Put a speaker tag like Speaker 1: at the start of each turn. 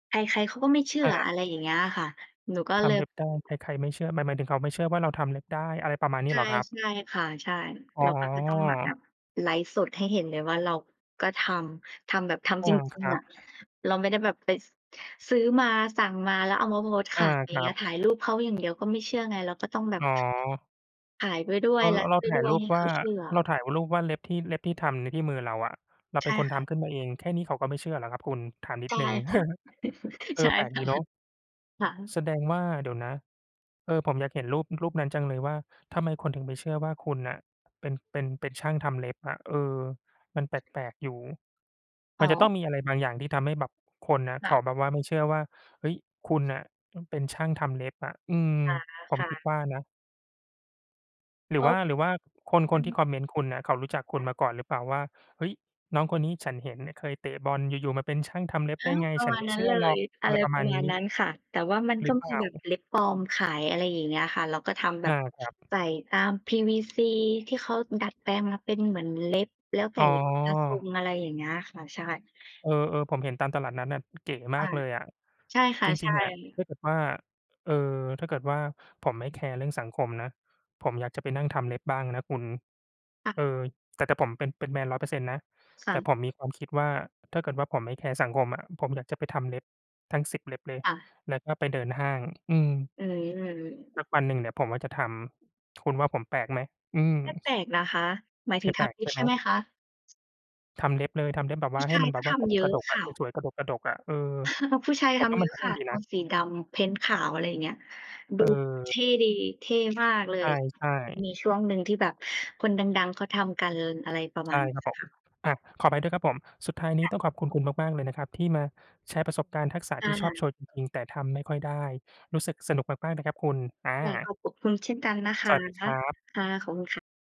Speaker 1: ใคร ๆ เขาก็ไม่เชื่อ
Speaker 2: อา
Speaker 1: อะไรอย่างเงี้ยอะค่ะ หนูก็
Speaker 2: ท
Speaker 1: เล
Speaker 2: ำเ
Speaker 1: ย
Speaker 2: ล็บได้ ใคร ๆ ไม่เชื่อ หมาย หมายถึงเขาไม่เชื่อว่าเราทำเล็บได้ อะไรประมาณนี
Speaker 1: ใ
Speaker 2: ้
Speaker 1: ช
Speaker 2: เ
Speaker 1: ่
Speaker 2: หรอครับ?
Speaker 1: ๆ ค่ะ ใช่
Speaker 2: อ๋
Speaker 1: เราก็จะต้องมาแบ
Speaker 2: อ
Speaker 1: บไลฟ์สดให้เห็นเลยว่าเราก็ทำ ทำแบบท
Speaker 2: อ
Speaker 1: ำ
Speaker 2: ื
Speaker 1: จ
Speaker 2: ม
Speaker 1: ร
Speaker 2: ค
Speaker 1: ิง
Speaker 2: รั
Speaker 1: ๆ อ
Speaker 2: บ
Speaker 1: ะ เราไม่ได้แบบไป ซ ซื้อมา สั่งมา แล้วเอามาโพสต์ข
Speaker 2: อา
Speaker 1: าย อย
Speaker 2: ค
Speaker 1: ่าง
Speaker 2: ร
Speaker 1: เ
Speaker 2: ั
Speaker 1: งี้
Speaker 2: บ
Speaker 1: ย ถ่ายรูปเขาอย่างเดียวก็ไม่เชื่อไง เราก็ต้องแบ
Speaker 2: อ
Speaker 1: บ
Speaker 2: ๋อ
Speaker 1: ขายไปด้ว
Speaker 2: เร
Speaker 1: ย
Speaker 2: า
Speaker 1: ไลฟ
Speaker 2: เรา
Speaker 1: ์ไป
Speaker 2: ถ่
Speaker 1: ด
Speaker 2: า
Speaker 1: ้
Speaker 2: ย
Speaker 1: ว
Speaker 2: ร
Speaker 1: ย
Speaker 2: ู
Speaker 1: ใ
Speaker 2: ป
Speaker 1: ห้
Speaker 2: ว
Speaker 1: เข
Speaker 2: ่า
Speaker 1: าเชื่อ
Speaker 2: เราถ่ายรูปว่าเล็บที่ เล็บที่ทำนี่ที่มือเราอะ เรา
Speaker 1: ใ
Speaker 2: เป
Speaker 1: ช
Speaker 2: ็น
Speaker 1: ่
Speaker 2: คน
Speaker 1: ค
Speaker 2: ท
Speaker 1: ่ะ
Speaker 2: ำขึ้นมาเอง แค่นี้เขาก็ไม่เชื่อเหรอครับคุณ ถามนิ
Speaker 1: ใช
Speaker 2: ด
Speaker 1: ่
Speaker 2: หนึ่ง?
Speaker 1: ค่ะ
Speaker 2: เออ
Speaker 1: ใช่
Speaker 2: แปลก
Speaker 1: ค
Speaker 2: ด
Speaker 1: ่
Speaker 2: ี
Speaker 1: ะ
Speaker 2: เนาะ
Speaker 1: ค่ะ
Speaker 2: แสดงว่า เดี๋ยวนะ เออ ผมอยากเห็นรูป รูปนั้นจังเลยว่า ทำไมคนถึงไม่เชื่อว่าคุณน่ะเป็น เป็น เป็นช่างทำเล็บอะ เออ มันแปลก ๆ อยู่
Speaker 1: อ
Speaker 2: ม
Speaker 1: ๋
Speaker 2: ัน
Speaker 1: อ
Speaker 2: จะต้องมีอะไรบางอย่าง ที่ทำให้แบบคนน่ะ เ
Speaker 1: ค
Speaker 2: ข
Speaker 1: ่ะ
Speaker 2: าแบบว่าไม่เชื่อว่า เฮ้ย คุณน่ะเป็นช่างทำเล็บอะ อืม
Speaker 1: อ่า
Speaker 2: ผม
Speaker 1: ค่
Speaker 2: คิด
Speaker 1: ะ
Speaker 2: ว่านะ หรื
Speaker 1: ก
Speaker 2: อ
Speaker 1: ็
Speaker 2: ว่า หรือว่าคน ค
Speaker 1: อื
Speaker 2: นที่
Speaker 1: อ
Speaker 2: คอมเมนต์คุณน่ะ เขารู้จักคุ
Speaker 1: ค
Speaker 2: ณ
Speaker 1: ่ะ
Speaker 2: มาก่อนหรือเปล่าว่า "เฮ้ย น้องคนนี้ฉันเห็นเนี่ยเคยเตะบอล อยู่ ๆ มาเป็นช่างทำเล็บ
Speaker 1: อ
Speaker 2: ไ
Speaker 1: ้
Speaker 2: ด้
Speaker 1: าว!
Speaker 2: ไง?
Speaker 1: ประ
Speaker 2: ฉั
Speaker 1: ม
Speaker 2: น
Speaker 1: า
Speaker 2: ไ
Speaker 1: ณ
Speaker 2: ม่
Speaker 1: นั
Speaker 2: เ
Speaker 1: ้
Speaker 2: ช
Speaker 1: น
Speaker 2: ื่อ
Speaker 1: เล
Speaker 2: หรอ
Speaker 1: ย
Speaker 2: ก"
Speaker 1: อ
Speaker 2: อะ
Speaker 1: ะ
Speaker 2: ไ
Speaker 1: ไ
Speaker 2: ร
Speaker 1: ร
Speaker 2: ประ
Speaker 1: ป
Speaker 2: ม
Speaker 1: ร
Speaker 2: า
Speaker 1: ะ
Speaker 2: ณ
Speaker 1: ม
Speaker 2: น
Speaker 1: า
Speaker 2: ี
Speaker 1: ณ
Speaker 2: ้
Speaker 1: นั้นค่ะ แต่ว่ามัน
Speaker 2: หร
Speaker 1: ก็
Speaker 2: ือเป
Speaker 1: ม
Speaker 2: ล
Speaker 1: ี
Speaker 2: ่า?
Speaker 1: แบบเล็บปลอมขาย อะไรอย่างเงี้ยค่ะ เราก็ทำแบ
Speaker 2: อ
Speaker 1: บ
Speaker 2: า ครับ
Speaker 1: ใส่ตาม PVC ที่เขาดัดแปลงมาเป็นเหมือนเล็บ แล้วใส
Speaker 2: อ๋
Speaker 1: ่กับทร
Speaker 2: อ
Speaker 1: ง อะไรอย่างเงี้ยค่ะ ใช่
Speaker 2: เออ ๆ ผมเห็นตามตลาดนัดน่ะ เก๋ม
Speaker 1: ค
Speaker 2: า
Speaker 1: ่
Speaker 2: ก
Speaker 1: ะ
Speaker 2: เลยอะ
Speaker 1: ใช่ค่
Speaker 2: จ
Speaker 1: ะ ใ
Speaker 2: ร
Speaker 1: ช
Speaker 2: ิง
Speaker 1: ่
Speaker 2: ๆ อะ ถ้าเกิดว่า เอ่อ ถ้าเกิดว่า ผมไม่แคร์เรื่องสังคมนะ ผมอยากจะไปนั่งทำเล็บบ้างนะคุณ
Speaker 1: ค่
Speaker 2: เอ
Speaker 1: ะ
Speaker 2: อ แต่ แต่ผมเป็น เป็นแมน 100% นะ
Speaker 1: ค
Speaker 2: แ
Speaker 1: ่
Speaker 2: ต่
Speaker 1: ะ
Speaker 2: ผมมีความคิดว่า ถ้าเกิดว่าผมไม่แคร์สังคมอะ ผมอยากจะไปทำเล็บทั้ง 10 เล็บเลย
Speaker 1: ค่ะ
Speaker 2: แล้วก็ไปเดินห้าง อือ
Speaker 1: อือ
Speaker 2: สักวันหนึ่งเนี่ยผมว่าจะทำ คุณว่าผมแปลกไหม? อืม
Speaker 1: ไม่แปลกนะคะ หมายถ
Speaker 2: ไม
Speaker 1: ึ
Speaker 2: ่
Speaker 1: ง
Speaker 2: แป
Speaker 1: ท
Speaker 2: ลก
Speaker 1: ำเล
Speaker 2: ใ
Speaker 1: ็
Speaker 2: ช่
Speaker 1: บ
Speaker 2: ไ
Speaker 1: ใ
Speaker 2: ห
Speaker 1: ช่ไห
Speaker 2: ม?
Speaker 1: มคะ?
Speaker 2: ทำเล็บเลย ทำเล็บแบบ
Speaker 1: ผ
Speaker 2: ว
Speaker 1: ู
Speaker 2: ่า
Speaker 1: ้
Speaker 2: ใ
Speaker 1: ช
Speaker 2: ห้
Speaker 1: า
Speaker 2: ม
Speaker 1: ย
Speaker 2: ันแ
Speaker 1: ก
Speaker 2: บ
Speaker 1: ็
Speaker 2: บว
Speaker 1: ท
Speaker 2: ่าก
Speaker 1: ำ
Speaker 2: ก
Speaker 1: เย
Speaker 2: ก
Speaker 1: อ
Speaker 2: ร
Speaker 1: ะ
Speaker 2: ะดก
Speaker 1: ค
Speaker 2: อะ
Speaker 1: ่ะ
Speaker 2: สวย ๆ กระดก ๆ อะ เออ
Speaker 1: ผู้ชาย
Speaker 2: ผ
Speaker 1: ท
Speaker 2: มว่า
Speaker 1: ำเ
Speaker 2: ม
Speaker 1: ย
Speaker 2: ั
Speaker 1: อ
Speaker 2: น
Speaker 1: ะ
Speaker 2: เท่
Speaker 1: ค่ะ
Speaker 2: ดี
Speaker 1: โท
Speaker 2: นะ
Speaker 1: นสีดำเพนต์ขาว อะไรอย่างเงี้ย ดูเ
Speaker 2: เออ
Speaker 1: ท่ดี เท่มากเล
Speaker 2: ใ
Speaker 1: ย
Speaker 2: ช่ ๆ
Speaker 1: มีช่วงหนึ่งที่แบบคนดัง ๆ เขาทำกัน อะไรประม
Speaker 2: ใช
Speaker 1: า
Speaker 2: ่
Speaker 1: ณนี
Speaker 2: ครับ
Speaker 1: ้
Speaker 2: ผม
Speaker 1: ค่ะ
Speaker 2: อา ขออภัยด้วยครับผม สุดท้ายนี
Speaker 1: ค
Speaker 2: ้
Speaker 1: ่ะ
Speaker 2: ต้องขอบคุณคุณมาก ๆ เลยนะครับ ที่มาแชร์ประสบการณ์ทักษะ
Speaker 1: อ
Speaker 2: ท
Speaker 1: า
Speaker 2: ี่ชอบโชว์จริง ๆ แต่ทำไม่ค่อยได้ รู้สึกสนุกมาก ๆ นะครับคุณ อ
Speaker 1: ค่ะ
Speaker 2: า
Speaker 1: ขอบ ขอบคุณคุณเช่นกันนะค
Speaker 2: ส
Speaker 1: ะ
Speaker 2: วัสดี
Speaker 1: ค
Speaker 2: ค
Speaker 1: ่
Speaker 2: รับ
Speaker 1: ะ ขอบคุณค่ะ